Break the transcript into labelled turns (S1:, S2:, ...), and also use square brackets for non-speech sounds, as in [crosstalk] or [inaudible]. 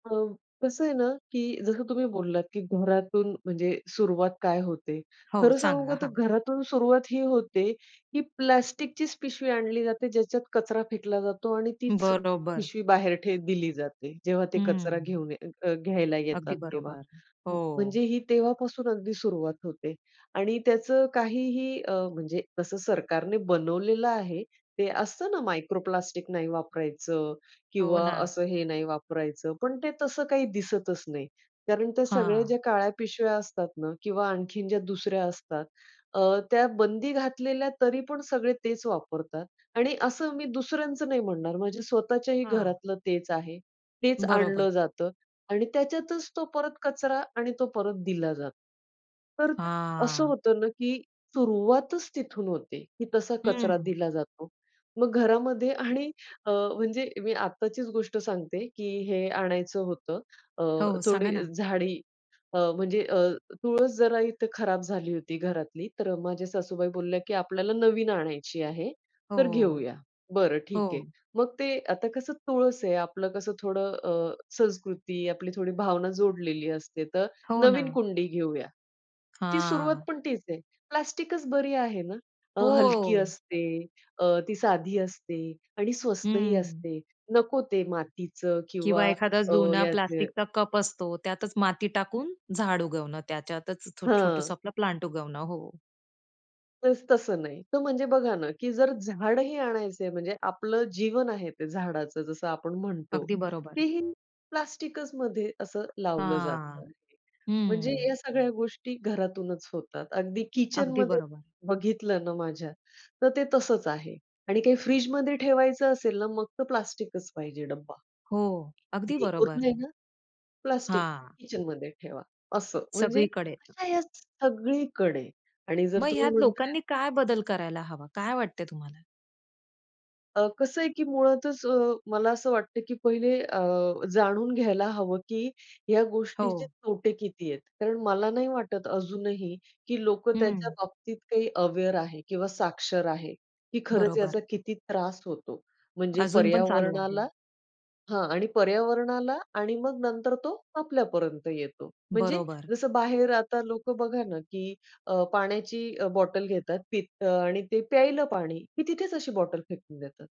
S1: अ, कसं आहे ना, की जसं तुम्ही बोललात की घरातून म्हणजे सुरुवात काय होते.
S2: हो.
S1: खरं सांगू
S2: सांगा.
S1: का तर
S2: हां.
S1: घरातून सुरुवात ही होते की प्लास्टिकचीच पिशवी आणली जाते ज्याच्यात कचरा फेकला जातो आणि तीच
S2: बरोबर.
S1: पिशवी बाहेर ठे दिली जाते. जेव्हा ते कचरा
S2: हं.
S1: घेऊन घ घ्यायला येतात
S2: अगदी
S1: तेव्हा
S2: बरोबर.
S1: म्हणजे
S2: हो.
S1: ही तेव्हापासून अगदी सुरुवात होते आणि त्याचं काहीही अ, म्हणजे तसं सरकारने बनवलेलं आहे. ते असतं ना, मायक्रो प्लास्टिक नाही वापरायचं
S2: हो
S1: किंवा
S2: ना.
S1: असं हे नाही वापरायचं, पण ते तसं काही दिसतच नाही कारण ते सगळे
S2: हां.
S1: जे काळ्या पिशव्या असतात ना, किंवा आणखीन ज्या दुसऱ्या असतात अ, त्या बंदी घातलेल्या, तरीपण सगळे तेच वापरतात आणि असं मी दुसऱ्यांच नाही म्हणणार माझ्या स्वतःच्याही
S2: हां.
S1: घरातलं तेच आहे, तेच
S2: बरोबर.
S1: आणलं जातं आणि त्याच्यातच तो परत कचरा आणि तो परत दिला जातो. तर अ, असं
S2: हां.
S1: होत ना, की सुरुवातच तिथून होते की तसा कचरा
S2: हं.
S1: दिला जातो. मग घरामध्ये आणि अ, म्हणजे मी आत्ताचीच गोष्ट सांगते की हे आणायचं होतं. अ,
S2: हो. सांगा
S1: थोडी
S2: ना.
S1: झाडी अ, म्हणजे अ, तुळस जरा इथे खराब झाली होती घरातली, तर माझ्या सासूबाई बोलल्या की आपल्याला नवीन आणायची आहे तर
S2: हो.
S1: घेऊया. बरं ठीक आहे.
S2: हो.
S1: मग ते आता कसं तुळस आहे, आपलं कसं थोडं अ, संस्कृती, आपली थोडी भावना जोडलेली असते, तर
S2: हो
S1: नवीन
S2: ना.
S1: कुंडी घेऊया. ती सुरुवात
S2: हां.
S1: पण तीच आहे. प्लास्टिकच बरी आहे ना, अ, हलकी
S2: हो.
S1: असते, अ, ती साधी असते आणि स्वस्तही
S2: हं.
S1: असते. नको ते मातीचं
S2: किंवा
S1: किंवा
S2: एखादा
S1: अ,
S2: जुना
S1: याचे
S2: प्लास्टिकचा कप असतो त्यातच माती टाकून झाड उगवणं, त्याच्यातच छो
S1: हां.
S2: छोटसं आपला प्लांट उगवणं. हो.
S1: तस तसं नाही. तर म्हणजे बघा ना, की जर झाडही आणायचंय म्हणजे आपलं जीवन आहे ते झाडाचं जसं आपण म्हणतो
S2: अगदी बरोबर.
S1: तेही प्लास्टिकचमध्ये असं लावलं
S2: हां.
S1: जातं. म्हणजे
S2: हं.
S1: या सगळ्या गोष्टी घरातूनच होतात. अगदी
S2: अगदी
S1: किचनमध्ये
S2: बरोबर.
S1: बघितलं ना, माझ्या तर ते तसंच आहे आणि काही फ्रिजमध्ये ठेवायचं असेल ना, मग तर प्लास्टिकच पाहिजे डब्बा.
S2: हो. अगदी
S1: [unintelligible]
S2: बरोबर.
S1: ना, प्लास्टिक
S2: हां.
S1: किचनमध्ये ठेवा असं म्हणजे
S2: सगळीकडे.
S1: अशा या सगळीकडे आणि जर
S2: मग
S1: तुम्ही
S2: ह्यात
S1: म्हणत आहेत.
S2: लोकांनी काय बदल करायला हवा? काय वाटतंय तुम्हाला?
S1: अ, कसं आहे की मुळातच अ, मला असं वाटतं की पहिले अ, जाणून घ्यायला हवं की ह्या गोष्टीचे
S2: हो.
S1: तोटे किती आहेत, कारण मला नाही वाटत अजूनही की लोकं त्याच्या
S2: हं.
S1: बाबतीत काही अवेअर आहे किंवा साक्षर आहे, की खरंच याचा
S2: बरोबर.
S1: किती त्रास होतो, म्हणजे
S2: अजून पण चालू आहे.
S1: पर्यावरणाला हां आणि पर्यावरणाला आणि मग नंतर तो आपल्यापर्यंत येतो. म्हणजे
S2: बरोबर.
S1: जसं बाहेर आता लोकं बघा ना, की अ, पाण्याची अ, बॉटल घेतात पित आणि ते प्यायला पाणी की तिथेच अशी बॉटल फेकून देतात.